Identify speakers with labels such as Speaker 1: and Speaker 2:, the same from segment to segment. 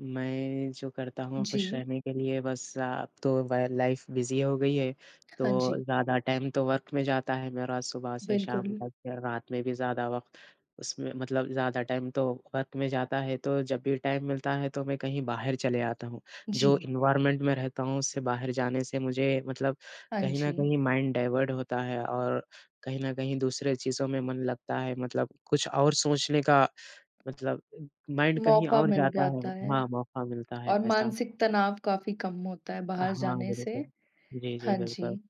Speaker 1: मैं जो करता हूँ ख़ुश
Speaker 2: जी।
Speaker 1: रहने के लिए बस अब तो ब लाइफ़ बिज़ी हो गई है।
Speaker 2: हाँ
Speaker 1: तो
Speaker 2: जी।
Speaker 1: ज़्यादा टाइम तो वर्क में जाता है मेरा सुबह से शाम
Speaker 2: बिल्कुल।
Speaker 1: तक। फ़िर रात में भी ज़्यादा वक़्त उसमें मतलब ज़्यादा टाइम तो वर्क में जाता है। तो जब भी टाइम मिलता है तो मैं कहीं बाहर चले आता हूँ जो
Speaker 2: जी।
Speaker 1: एनवायरनमेंट में रहता हूँ। उससे बाहर जाने से मुझे मतलब
Speaker 2: हाँ
Speaker 1: कहीं न
Speaker 2: जी।
Speaker 1: कहीं माइंड डाइवर्ट होता है। और कहीं न कहीं दूसरे चीज़ों में मन लगता है मतलब कुछ और सोचने का मतलब माइंड कहीं
Speaker 2: मौका
Speaker 1: और
Speaker 2: मिल
Speaker 1: जाता है।
Speaker 2: जाता है
Speaker 1: हाँ, मौका मिलता है
Speaker 2: और
Speaker 1: ऐसा।
Speaker 2: मानसिक तनाव काफ़ी कम होता है बाहर
Speaker 1: हाँ,
Speaker 2: जाने से।
Speaker 1: बिल्कुल। जी, जी
Speaker 2: हाँ
Speaker 1: बिल्कुल।
Speaker 2: जी,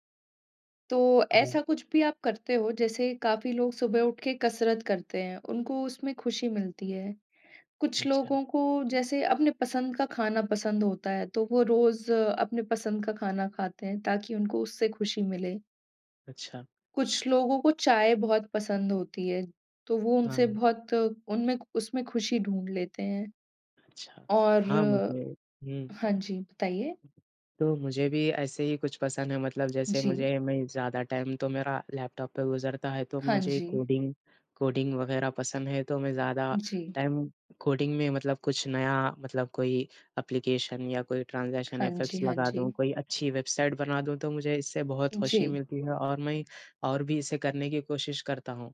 Speaker 2: तो
Speaker 1: हाँ।
Speaker 2: ऐसा कुछ भी आप करते हो? जैसे काफ़ी लोग सुबह उठके कसरत करते हैं, उनको उसमें ख़ुशी मिलती है। कुछ
Speaker 1: अच्छा।
Speaker 2: लोगों को जैसे अपने पसंद का खाना पसंद होता है। तो वो रोज़ अपने पसंद का खाना खाते हैं ताकि उनको उससे ख़ुशी मिले।
Speaker 1: अच्छा।
Speaker 2: कुछ लोगों को चाय बहुत पसंद होती है तो वो उनसे
Speaker 1: हाँ।
Speaker 2: बहुत उनमें उसमें ख़ुशी ढूँढ लेते हैं।
Speaker 1: अच्छा।
Speaker 2: और
Speaker 1: हाँ मुझे हुँ।
Speaker 2: हाँ जी बताइए?
Speaker 1: तो मुझे भी ऐसे ही कुछ पसंद है। मतलब जैसे
Speaker 2: जी।
Speaker 1: मुझे मैं ज़्यादा टाइम तो मेरा लैपटॉप पे गुज़रता है। तो
Speaker 2: हाँ
Speaker 1: मुझे
Speaker 2: जी।
Speaker 1: कोडिंग कोडिंग वग़ैरह पसंद है तो मैं ज़्यादा
Speaker 2: जी।
Speaker 1: टाइम कोडिंग में मतलब कुछ नया मतलब कोई एप्लीकेशन या कोई ट्रांज़ेशन
Speaker 2: हाँ जी,
Speaker 1: इफेक्ट्स
Speaker 2: हाँ
Speaker 1: लगा दूँ,
Speaker 2: जी।
Speaker 1: कोई अच्छी वेबसाईट बना दूँ। तो मुझे इससे बहुत
Speaker 2: जी।
Speaker 1: ख़ुशी मिलती है और मैं और भी इसे करने की कोशिश करता हूँ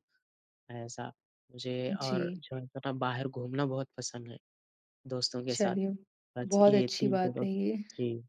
Speaker 1: ऐसा। जी और
Speaker 2: जी।
Speaker 1: जो है थोड़ा बाहर घूमना बहुत पसंद है दोस्तों के साथ।
Speaker 2: चलिए,
Speaker 1: बस
Speaker 2: बहुत
Speaker 1: ये
Speaker 2: अच्छी
Speaker 1: 3
Speaker 2: बात
Speaker 1: पसंद।
Speaker 2: है ये।
Speaker 1: जी।